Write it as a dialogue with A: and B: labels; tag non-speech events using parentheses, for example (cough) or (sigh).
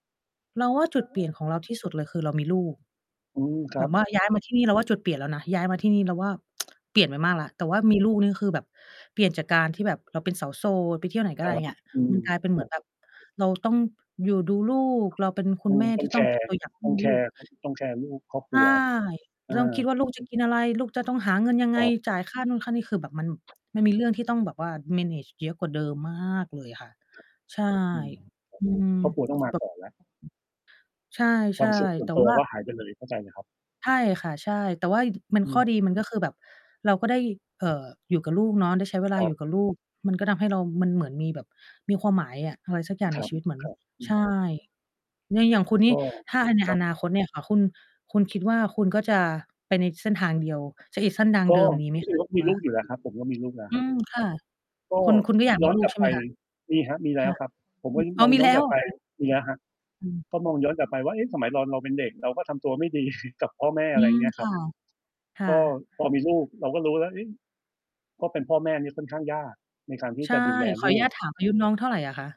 A: เราว่าจุดเปลี่ยนของเราที่สุดเลยคือ เรามีลูก
B: อืม ค
A: แ
B: ร
A: บ
B: ับ
A: บว่า ย้ายมาที่นี่ เราว่าจุดเปลี่ยนแล้วนะ ย้ายมาที่นี่ เราว่า (tsk) เปลี่ยนไปมากแล้ว แต่ว่ามีลูกนี่คือแบบเปลี่ยนจากการที่แบบ เราเป็นสาวโสด ไปเที่ยวไหนก็
B: ค
A: ไ
B: ร
A: ด้
B: ั
A: อย่
B: บ
A: างเงี้ย
B: อืม
A: มันกลายเป็น เ
B: ค
A: หมื
B: รั
A: อน
B: บ
A: แบบ เราต้องอยู่ดูลูก เราเป็นค
B: อ
A: ุ
B: ื
A: ณแ
B: ม
A: ม่
B: ต้
A: ท
B: อ
A: ี
B: ง
A: ่
B: แช
A: ต้องเ
B: ร
A: ป็
B: ์
A: น ตัวอย่าง ให
B: ต้
A: ้
B: อง
A: ล
B: แช
A: ู
B: ร
A: ก
B: ์ ต้อง ต้องแชร์ลูก ครอบค
A: ใช
B: รั
A: ่
B: ว อา
A: ลองคิดว่า ลูกจะกินอะไร ลูก จะต้องหาเงินยังไ
B: ค
A: ง
B: รับ
A: จ่ายค่านู่นค่านี่ คือแบบมัน มันมีเรื่องที่ต้องแบบว่า manage เยอะกว่าเดิม มาก เลยอะค่ะ ใช่
B: อืม ครับ
A: อืม
B: ครอบครัวต้องมา
A: แบ
B: ก
A: บ
B: ่อนนะ
A: ใช
B: ควา
A: ่
B: มสุขส่
A: ๆ แ
B: ว
A: ต
B: น
A: ่
B: ตั
A: ว
B: ว
A: ่า
B: ก็หายไปเลย เข้าใจเลยครับ
A: ใช่ค่ะ ใช่ แต่ว่า ด มั
B: อ
A: น
B: ื
A: ข้อ
B: ม
A: ดีมันก็คือแบบ เราก็ได้ เอ่อ อยู่กับลูกเนาะ ได้ใช้เวลา
B: คร
A: อ
B: ั
A: ยู
B: บ
A: ่กับลูก มันก็ทำให้เรา มันเหมือนมีแบบ มีความหมายอะ อะไรสักอย่าง
B: ค
A: ใน
B: รับ
A: ชีวิต เหมือน
B: ครับ อื
A: ใช
B: ม
A: ่ เนี่ยอย่างคุณน
B: ก
A: ี่
B: ็
A: ถ้าให้ใน
B: ครั
A: อน
B: บ
A: าคตเนี่ยค่ะ คุณ คุณคิดว่าคุณก็จะไปในเส้นทางเดียว จะยึดเส้นทาง
B: ก
A: เ
B: ็
A: ดิมนี้ไ
B: จ
A: หม
B: ร
A: ค
B: ิง ๆ
A: ะ
B: แล้ว
A: ค
B: ก
A: ุ
B: ็
A: ณ
B: มี
A: ว่
B: ล
A: า?
B: ูกอยู่แล้วครับ ผมก็มีลูกแล้ว
A: อ
B: ค
A: ื
B: รับ
A: ม ค่ะ
B: ก็
A: คุณ คุณก็อยาก
B: ย
A: ม
B: ้
A: ี
B: อน
A: ลู
B: กล
A: ก
B: ับ
A: ใช่
B: ไ
A: ไ
B: ป
A: หมคะ?
B: มีครับ มีแ
A: ค
B: ล้
A: ่
B: ว
A: ะ
B: ครับ ผม
A: อ
B: ก
A: ื
B: ็
A: ม
B: นึก
A: อ๋
B: ม
A: อ
B: อง
A: มี
B: ย้
A: แ
B: อ
A: ล
B: น
A: ้
B: ก
A: ว
B: ลับ
A: เหร
B: ไ
A: อ
B: ป
A: คะ?
B: มีแล้วครับ
A: อืม
B: ก็มองย้อนกลับไปว่า เอ๊ะ สมัยตอนเราเป็นเด็ก เราก็ทำตัวไม่ดี (chuckles) กับพ่อแม่
A: อ
B: อ
A: ื
B: ะไรอย่า
A: ม
B: งเงี้ยค
A: ค
B: รั
A: ่
B: บ
A: ะ ค่
B: ก็
A: ะ
B: พอมีลูก เราก็รู้แล้ว เอ๊ะ เพราะเป็นพ่อแม่เนี่ยค่อนข้างยากในการที่
A: ใช
B: จ
A: ่
B: ะดูแล
A: ขอ
B: ล
A: อน
B: ู
A: ุญ
B: ก
A: าตถาม อายุน้องเท่าไรอะคะ?